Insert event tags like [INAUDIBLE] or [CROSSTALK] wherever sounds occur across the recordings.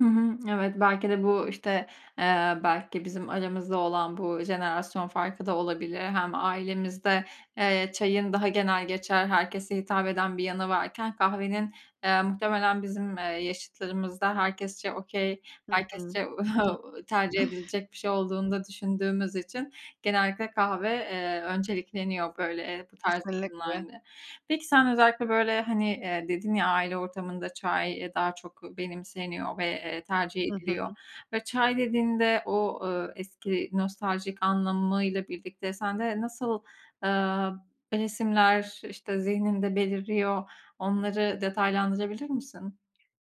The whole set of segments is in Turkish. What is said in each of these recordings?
Hı hı. Evet, belki de bu, işte, eee, belki bizim aramızda olan bu jenerasyon farkı da olabilir. Hem ailemizde, eee, çayın daha genelgeçer, herkese hitap eden bir yanı varken, kahvenin, eee, muhtemelen bizim, eee, yaşıtlarımızda herkesçe okay Hı hı. herkesçe [CHUCKLES] [CHUCKLES] tercih edilecek bir şey olduğunu da düşündüğümüz için genellikle kahve, eee, öncelikleniyor, böyle, eee, bu tarz Kesinlikle. durumlarda. Peki sen özellikle, böyle, hani, dedin ya, aile ortamında çay daha çok benimseniyor ve, eee, tercih Hı ediliyor hı. ve çay dediğinde o, eee, eski nostaljik anlamıyla birlikte sende nasıl, eee, resimler, işte, zihninde beliriyor onları detaylandırabilir misin?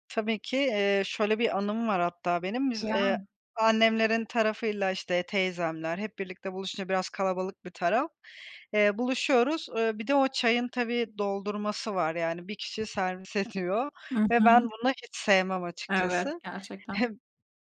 Tabii ki, eee, şöyle bir anım var hatta benim: Biz, Ya! eee, annemlerin tarafıyla, işte, teyzemler hep birlikte buluşunca biraz kalabalık bir taraf, eee, buluşuyoruz. Eee, bir de o çayın tabii doldurması var, yani, 1 kişi servis ediyor Hı ve ben hı. bunu hiç sevmem Evet, açıkçası. gerçekten. Heh,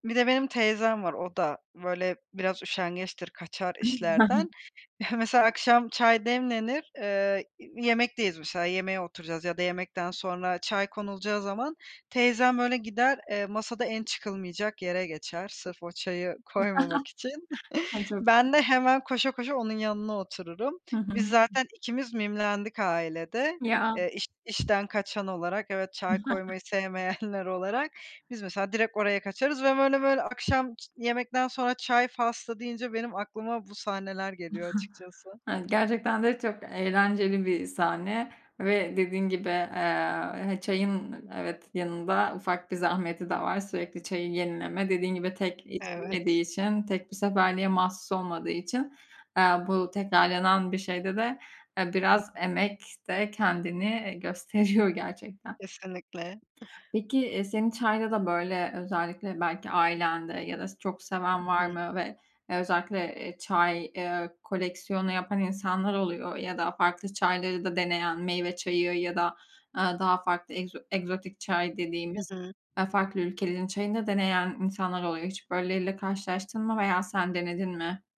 bir de benim teyzem var, o da, böyle, biraz üşengeçtir, kaçar işlerden. [CHUCKLES] Heh, mesela akşam çay demlenir, eee, iii, yemekteyiz mesela yemeğe oturacağız ya da yemekten sonra çay konulacağı zaman teyzem, böyle, gider, eee, masada en çıkılmayacak yere geçer sırf o çayı koymamak için. [CHUCKLES] Ay, [CHUCKLES] çok Ben de hemen koşa koşa onun yanına otururum. Hı hı. Biz zaten ikimiz mimlendik ailede. Ya. Eee, iş işten kaçan olarak, evet, çay [CHUCKLES] koymayı sevmeyenler [CHUCKLES] olarak. Biz mesela direkt oraya kaçarız ve böyle böyle akşam çı yemekten sonra çay faslı deyince benim aklıma bu sahneler geliyor [CHUCKLES] açıkçası. Evet, gerçekten de çok eğlenceli bir sahne ve dediğin gibi, eee, he çayın, evet, yanında ufak bir zahmeti de var: Sürekli çayı yenileme. Dediğin gibi, tek Evet. içilmediği için, tek bir seferliğe mahsus olmadığı için, eee, bu tekrarlanan bir şeyde de, eee, Hı biraz hı. emek de kendini gösteriyor [CHUCKLES] gerçekten. Kesinlikle. [CHUCKLES] Peki, eee, senin çayda da böyle, özellikle belki ailende ya da çok seven Hı var hı. mı ve özellikle, eee, çay, eee, koleksiyonu yapan insanlar oluyor ya da farklı çayları da deneyen, meyve çayı ya da, eee, daha farklı egzo egzotik çay Hı dediğimiz, hı. eee, farklı ülkelerin çayını da deneyen insanlar oluyor. Hiç böyleleriyle karşılaştın mı veya sen denedin mi?